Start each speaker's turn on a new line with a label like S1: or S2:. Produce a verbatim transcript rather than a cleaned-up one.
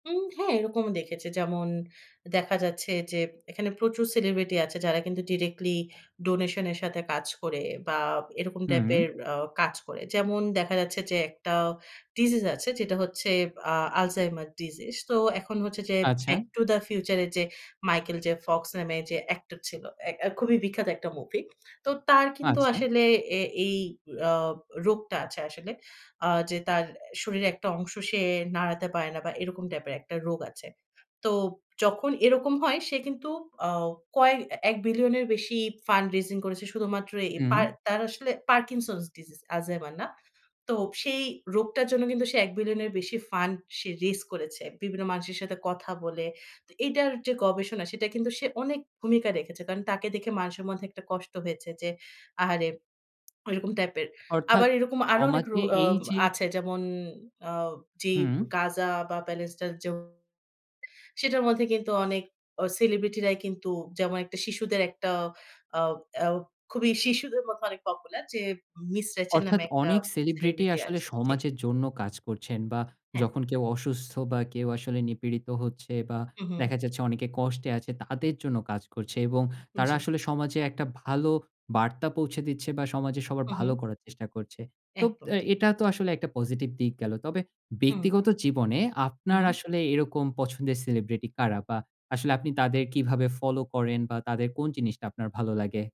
S1: উম হ্যাঁ, এরকমও দেখেছি। যেমন দেখা যাচ্ছে যে, এখানে প্রচুর সেলিব্রিটি আছে, যারা কিন্তু ডিরেক্টলি ডোনেশনের সাথে কাজ করে, বা এরকম
S2: হুম।
S1: টাইপের আ কাজ করে। যেমন দেখা যাচ্ছে যে, একটা ডিজিজ আছে, যেটা হচ্ছে আ আলঝেইমার ডিজিজ। তো এখন হচ্ছে যে,
S2: আচ্ছা।
S1: "ব্যাক টু দ্য ফিউচারে" যে মাইকেল জে ফক্স নামে যে অ্যাক্টর ছিল, এক আ খুবই বিখ্যাত একটা মুভি। তো তার কিন্তু
S2: আচ্ছা।
S1: আসলে এ এই আ রোগটা আছে, আসলে। আ যে তার শরীরের একটা অংশ সে নাড়াতে পারে না, বা এরকম টাইপের একটা রোগ আছে। তো যখন এরকম হয়, সে কিন্তু আ কয়েক এক বিলিয়নের বেশি ফান্ড রেইজিং করেছে। শুধুমাত্র এ
S2: হুম।
S1: পার তার আসলে পারকিনসনস ডিজিজ, আলঝেইমার না। তো সেই রোগটার জন্য কিন্তু সে এক বিলিয়নের বেশি ফান্ড সে রেইজ করেছে, বিভিন্ন মানুষের সাথে কথা বলে। তো এটার যে গবেষণা, সেটা কিন্তু সে অনেক ভূমিকা রেখেছে। কারণ, তাকে দেখে মানুষের মধ্যে একটা কষ্ট হয়েছে যে, আহারে, এরকম টাইপের।
S2: অর্থাৎ,
S1: আবার এরকম আরো অনেক রো
S2: সমাজে
S1: আ
S2: এই যে
S1: আছে। যেমন আ জি,
S2: হুম।
S1: গাজা বা প্যালেসড যে [unintelligible] সেটার মধ্যে কিন্তু অনেক, আ সেলিব্রিটিরাই কিন্তু, যেমন, একটা শিশুদের একটা আ আ খুবই শিশুদের মধ্যে অনেক পপুলার যে, মিস রেচেল
S2: অর্থাৎ,
S1: নামে একটা
S2: অনেক সেলিব্রিটি
S1: সেলিব্রিটি
S2: আসলে
S1: আছে। জি।
S2: সমাজের জন্য কাজ করছেন, বা
S1: হ্যাঁ।
S2: যখন কেউ অসুস্থ, বা কেউ আসলে নিপীড়িত হচ্ছে, বা
S1: হু, হু।
S2: দেখা যাচ্ছে অনেকে কষ্টে আছে, তাদের জন্য কাজ করছে। এবং তারা
S1: জি।
S2: আসলে সমাজে একটা ভালো বার্তা পৌঁছে দিচ্ছে বা সমাজে সবার
S1: হু,
S2: ভালো
S1: হু।
S2: করার চেষ্টা করছে। তো,
S1: একদম
S2: অ্যা
S1: ঠিক
S2: এটা তো
S1: বলেছেন।
S2: আসলে একটা পজিটিভ দিক গেল। তবে
S1: হুম।
S2: ব্যক্তিগত জীবনে
S1: হু,
S2: আপনার
S1: হু।
S2: আসলে এরকম পছন্দের সেলিব্রিটি কারা? বা আসলে আপনি তাদের কিভাবে ফলো করেন? বা তাদের কোন জিনিসটা আপনার ভালো লাগে?